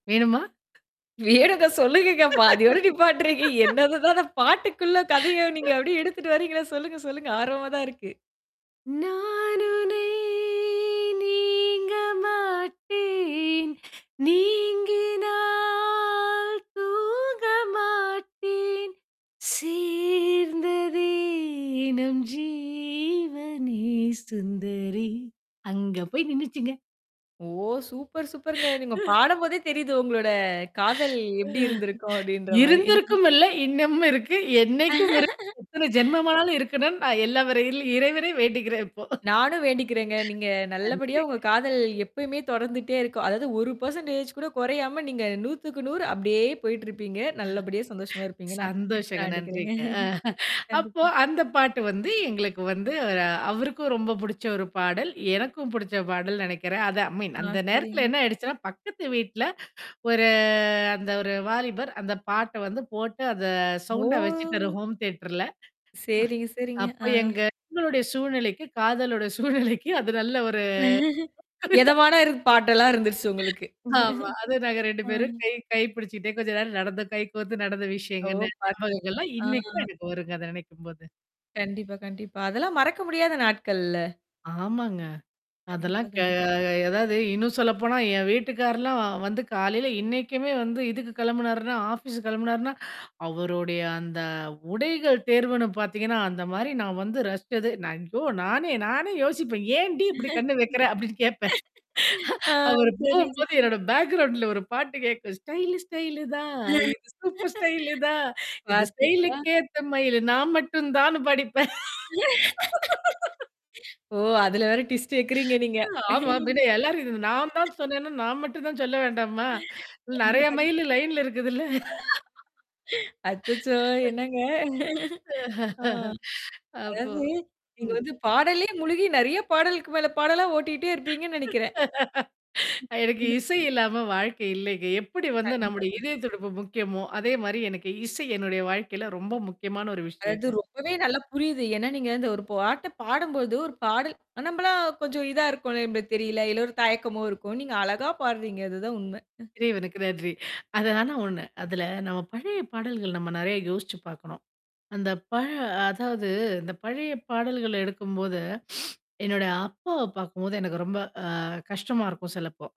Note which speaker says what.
Speaker 1: வேணுமா?
Speaker 2: வேணுங்க சொல்லுங்கங்கப்பா, பாதியோட நீப்பாட்டுறீங்க என்னதுதான் அத பாட்டுக்குள்ள கதைய நீங்க அப்படியே எடுத்துட்டு வரீங்களா சொல்லுங்க, சொல்லுங்க. ஆர்வமா தான் இருக்கு.
Speaker 1: நானுனை நீங்க மாட்டேன், நீங்கினால் தூங்க மாட்டேன் சேர்ந்ததே நம் ஜீவனே சுந்தரி, அங்க போய் நின்னுச்சுங்க.
Speaker 2: ஓ! சூப்பர், சூப்பர்ங்க. நீங்க
Speaker 1: ஆ.
Speaker 2: பாடும்போதே தெரியுது, உங்களோட காதல்
Speaker 1: ஆ,
Speaker 2: எப்படி இருந்திருக்கும்? அப்படின்ற மாரி.
Speaker 1: இருந்திருக்கும் இல்ல, இன்னமும் இருக்கு, என்னைக்கும் இருக்கு. எத்தனை ஜென்மமானாலும் இருக்கணும்னு, நான் எல்ல வல்ல இறைவனை வேண்டிகிறேன் இப்போ,
Speaker 2: நானும் வேண்டிக்கிறேங்க. நீங்க நல்லபடியா
Speaker 1: நன்றிங்க.
Speaker 2: உங்க காதல் எப்பயுமே தொடர்ந்துட்டே இருக்கு. அதாவது 1% கூட குறையாம, நீங்க 100க்கு 100 அப்படியே போயிட்டுருப்பீங்க.
Speaker 1: ஆ,
Speaker 2: நல்லபடியா சந்தோஷமா இருப்பீங்கன்னா, நான்
Speaker 1: சந்தோஷங்க.
Speaker 2: வேண்டிக்கிறேங்க.
Speaker 1: நன்றிங்க. ஆ, அப்போ
Speaker 2: கண்டிப்பா.
Speaker 1: அந்த பாட்டு வந்து எங்களுக்கு வந்து, அவருக்கும் ரொம்ப புடிச்ச ஒரு பாடல், எனக்கும் புடிச்ச பாடல், நெனைக்கிறேன். அத அ மீன்
Speaker 2: ஆ,
Speaker 1: அந்த நேரத்தல
Speaker 2: செரிங்க.
Speaker 1: என்ன ஆயிடுச்சுன்னா, பக்கத்து வீட்ல ஒரு அந்த ஒரு வாலிபர் அந்த பாட்ட வந்து போட்டு, அத சவுண்டா வெச்சுட்டாரு
Speaker 2: ஓ!
Speaker 1: ஹோம் தியேட்டர்ல.
Speaker 2: சேரிங்க,
Speaker 1: ஆ,
Speaker 2: செரிங்க.
Speaker 1: அப்ப
Speaker 2: ஆ.
Speaker 1: எங்க என்னோடைய சூழ்நிலைக்கு, காதலோட சூழ்நிலைக்கு அது நல்ல ஒரு [unintelligible] ஆ, அதுக்கு
Speaker 2: எதமான ஒரு பாட்டெல்லாம் இருந்துருச்சு உங்களுக்கு.
Speaker 1: ஆமா, அது நாங்க 2
Speaker 2: ஆ.
Speaker 1: பேரும் கை கை பிடிச்சுட்டே, கொஞ்சம் நேரம் நடந்தம் கை கோரத்து நடந்தம்
Speaker 2: ஓ!
Speaker 1: விஷயங்கன்னு
Speaker 2: பாத்தீங்க.
Speaker 1: ஞாபகங்கள்லாம்
Speaker 2: ஆ.
Speaker 1: இன்னைக்கும் எனக்கு வருங்க அத நினைக்கும்போது.
Speaker 2: கண்டிப்பா, கண்டிப்பா. அதெல்லாம் மறக்க முடியாத நாட்கள்ல்ல?
Speaker 1: ஆமாங்க. அதெல்லாம்
Speaker 2: கண்டிப்பா,
Speaker 1: க
Speaker 2: கண்டிப்
Speaker 1: எததாவது இன்னும் சொல்லப்போனா, என் வீட்டுக்கார்லாம் வந்து காலையில இன்னைக்குமே வந்து இதுக்கு கிளம்புனாருன்னா, ஆபீஸ் கிளம்புனாருன்னா, அவருடைய அந்த உடைகள் தேர்வுன்னு பாத்தீங்கன்னா, அந்த மாரி நான் வந்து ரஸ்சது, நான் ஐயோ! நானே, நானே யோசிப்பேன். "ஏன் டி இப்படி கண்ணு வைக்கிற?" அப்டின்னு கேப்பேன்.
Speaker 2: ஆ.
Speaker 1: அவரு
Speaker 2: செரிங்க, செரி.
Speaker 1: போகும்போது, என்னோட பேக்ரவுண்ட்ல ஒரு பாட்டு கேக்கும். ஸ்டைல ஸ்டைலு தான், இது சூப்பர் ஸ்டைலு தான், இது ஸ்டைலு
Speaker 2: பாத்தீங்களா.
Speaker 1: கேத்த மைலு நான் மட்டும் தான்னு பாடிப்பேன்.
Speaker 2: ஓ, அதுல வேற டிவிஸ்ட் வெக்கிறீங்க நீங்க.
Speaker 1: ஆமாம். பின்ன எல்லாரு இருந்து நான் தான் சொன்னேன்னா, நான் மட்டும் தான் சொல்ல வேண்டாமா? நெறைய
Speaker 2: கண்டிப்பா.
Speaker 1: மைலு, லைன்ல இருக்குதுல்ல.
Speaker 2: அச்சச்சோ! என்னங்க? ஆ,
Speaker 1: அப்போ.
Speaker 2: அதாவது, நீங்க
Speaker 1: ம்.
Speaker 2: வந்து பாடலே முழுகி நெறைய பாடலுக்கு மேல, பாடல ஓட்டிக்கிட்டே இருப்பீங்கன்னு நெனைக்கிறேன். ம்.
Speaker 1: எனக்கு இசை இல்லாம வாழ்க்கை இல்லைங்க. எப்படி வந்து
Speaker 2: கண்டிப்பா,
Speaker 1: நம்முடைய
Speaker 2: கண்டிப்
Speaker 1: இதய துடிப்பு முக்கியமோ, அதே மாரி எனக்கு, இசை என்னுடைய வாழ்க்கையில ரொம்ப முக்கியமான ஒரு
Speaker 2: அதாவது,
Speaker 1: விஷயங்க.
Speaker 2: ரொம்பவே நல்லா புரியுது. ஏன்னா, நீங்க இந்த ஒரு பாட்ட பாடும்போது, ஒரு பாடல் நம்மலாம் கொஞ்சம் இதா இருக்கோ, நம்பளுக்கு தெரியல. இல்ல, ஒரு தயக்கமோ இருக்கும். நீங்க அழகா பாடுறீங்க அதுதான் உண்மை.
Speaker 1: இறைவனுக்கு நன்றி. அதல, ஆனா ஒண்ணு. அதுல நம்ம பழைய பாடல்கள் நம்ம நெறைய யோசிச்சு பாக்கணும். அந்த பழ அதாவது, இந்த பழைய பாடல்கள எடுக்கும்போது, என்னோட அப்பாவ பாக்கும்போது, எனக்கு ரொம்ப ஆ, கஷ்டமா இருக்கும் சிலப்போ.